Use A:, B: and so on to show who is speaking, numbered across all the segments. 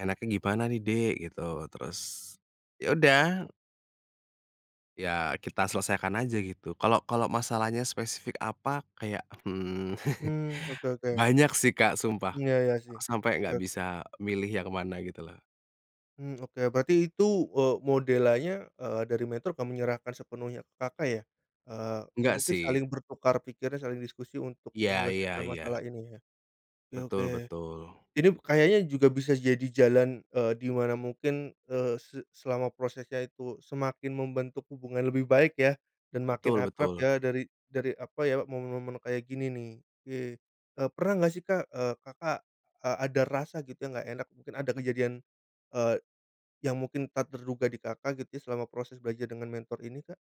A: "Enaknya gimana nih Dek?" Gitu. Terus, ya udah. Ya, kita selesaikan aja gitu, kalau kalau masalahnya spesifik apa kayak, mmm,
B: Mmm, oke oke.
A: banyak sih Kak, sumpah.
B: Iya iya sih.
A: Sampai
B: Oke
A: enggak
B: oke.
A: bisa milih yang mana gitu loh.
B: Mmm, oke, berarti itu, eee, modelannya, eee, dari mentor akan menyerahkan sepenuhnya ke Kakak ya? Eee eee,
A: Enggak,
B: mungkin
A: sih.
B: saling bertukar pikiran, saling diskusi untuk
A: Iya, ya
B: menyelesaikan
A: ya.
B: masalah ini ya. Oke
A: Betul
B: oke.
A: betul.
B: Ini kayaknya juga bisa jadi jalan, eee, di mana mungkin, eee, se selama prosesnya itu semakin membentuk hubungan lebih baik ya, dan makin
A: Betul
B: akrab
A: betul.
B: ya dari dari apa ya momen-momen kayak gini nih. Oke, eee, pernah enggak sih Kak, eee, Kakak, eee, ada rasa gitu yang enggak enak mungkin ada kejadian, eee, yang mungkin tak terduga di Kakak gitu ya selama proses belajar dengan mentor ini Kak?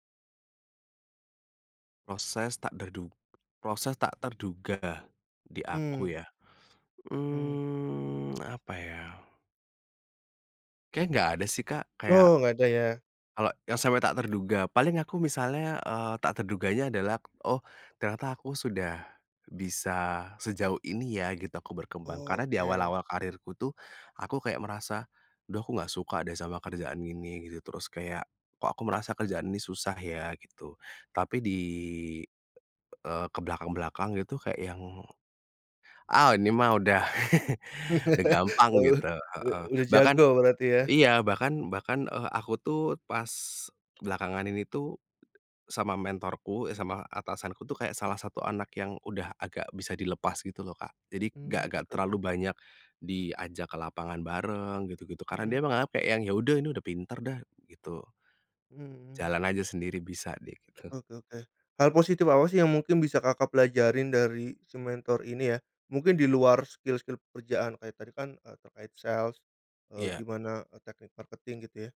A: Proses tak derdu proses tak terduga di
B: Hmm.
A: aku ya?
B: Hmm.
A: Mmm, apa ya? Kayaknya enggak ada sih Kak. Kayak
B: Oh, enggak ada ya.
A: kalau yang sampai tak terduga, paling aku misalnya, eee, tak terduganya adalah, "Oh ternyata aku sudah bisa sejauh ini ya," gitu, aku berkembang.
B: Oh,
A: Karena di
B: oke.
A: awal-awal karirku tuh aku kayak merasa, "Aduh aku enggak suka deh sama kerjaan ini," gitu. Terus kayak, "Kok aku merasa kerjaan ini susah ya," gitu. Tapi di eee, ke belakang-belakang gitu kayak yang "Ah ini mah udah udah gampang,"
B: Oh,
A: gitu,
B: u
A: heeh.
B: udah
A: Bahkan
B: jago berarti ya?
A: iya, bahkan bahkan, eee, aku tuh pas belakangan ini tuh sama mentorku eh, sama atasanku tuh kayak salah satu anak yang udah agak bisa dilepas gitu loh, Kak. Jadi enggak
B: Mmm,
A: enggak
B: oke
A: terlalu
B: oke.
A: banyak diajak ke lapangan bareng, gitu-gitu. Karena,
B: Hmm.
A: dia menganggap kayak yang, "Ya udah, ini udah pinter dah," gitu.
B: Hmm hmm.
A: "Jalan aja sendiri bisa nih," gitu.
B: Oke oke oke. Hal positif apa sih yang mungkin bisa Kakak pelajarin dari si mentor ini ya? Mungkin di luar skill-skill pekerjaan kayak tadi kan, eee, terkait sales, eee,
A: Iya.
B: gimana, eee, teknik marketing gitu ya.